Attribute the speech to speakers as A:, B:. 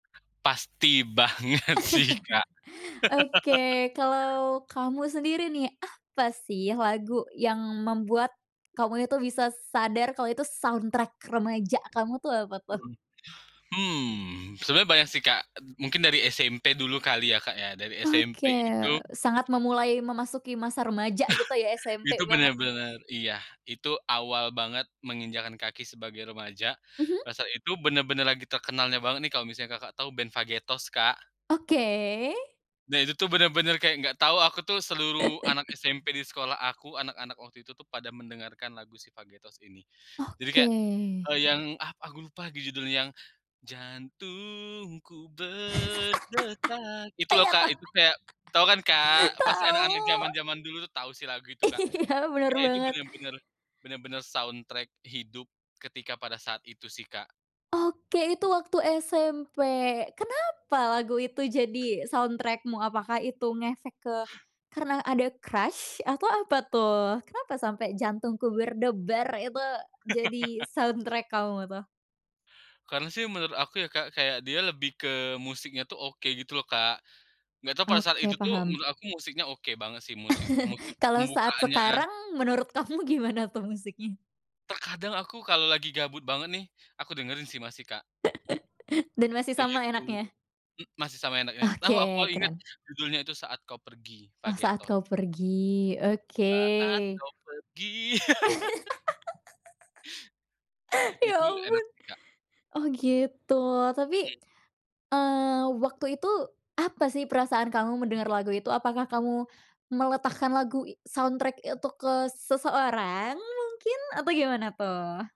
A: Pasti banget sih, Kak.
B: Oke, kalau kamu sendiri nih, apa sih lagu yang membuat kamu itu bisa sadar kalo itu soundtrack remaja kamu tuh apa tuh?
A: Mhm, hmm, sebenarnya banyak sih, Kak, mungkin dari SMP dulu kali ya, Kak, ya, dari SMP
B: Oke,
A: itu
B: eee, sangat memulai memasuki masa remaja gitu ya? SMP
A: itu
B: banget nih.
A: bener-bener iya, itu awal banget menginjakkan kaki sebagai remaja,
B: Mhm.
A: pada saat itu bener-bener lagi terkenalnya banget nih, kalau misalnya Kakak tahu band Vagetoz, Kak.
B: Oke.
A: Nah, itu tuh bener-bener kayak nggak tahu aku tuh, seluruh anak SMP di sekolah aku, anak-anak waktu itu tuh pada mendengarkan lagu si Vagetoz ini. Jadi,
B: Oke.
A: kayak, eee, yang ah, aku lupa judulnya yang, jantungku berdetak itu loh,
B: Iya,
A: Kak.
B: tau
A: Itu kayak tau kan, Kak? Pasti
B: tau.
A: anak-anak zaman-zaman dulu tuh tahu sih lagu itu, Kak,
B: Iya, bener
A: kayak Itu
B: banget.
A: bener-bener bener-bener soundtrack hidup ketika pada saat itu sih, Kak.
B: Oke, itu waktu SMP kenapa lagu itu jadi soundtrack mu? Apakah itu ngefek ke karena ada crush? atau apa tuh? Kenapa sampe jantungku debar itu jadi soundtrack kamu tuh?
A: Karena sih menurut aku ya, Kak, kayak dia lebih ke musiknya tuh oke gitu loh, Kak. Nggak tahu pada saat
B: Oke,
A: itu tuh
B: paham.
A: menurut aku musiknya oke banget sih. Musik musik
B: Kalau saat
A: pembukaannya.
B: sekarang, menurut kamu gimana tuh musiknya?
A: Terkadang aku kalau lagi gabut banget nih, aku dengerin sih masih, Kak.
B: Dan masih
A: Kayak
B: sama
A: gitu.
B: enaknya?
A: M masih sama enaknya tahu, aku
B: Oke,
A: inget
B: keren.
A: judulnya itu, "Saat Kau Pergi",
B: Oh, Saat
A: Vagetoz.
B: Kau Pergi, oke.
A: Saat kau pergi.
B: Ya,
A: Itu enak
B: ampun.
A: sih, Kak.
B: Oh, gitu. Tapi,
A: Mhm.
B: eee, waktu itu apa sih perasaan kamu mendengar lagu itu? Apakah kamu meletakkan lagu, soundtrack itu ke seseorang mungkin, atau gimana tuh?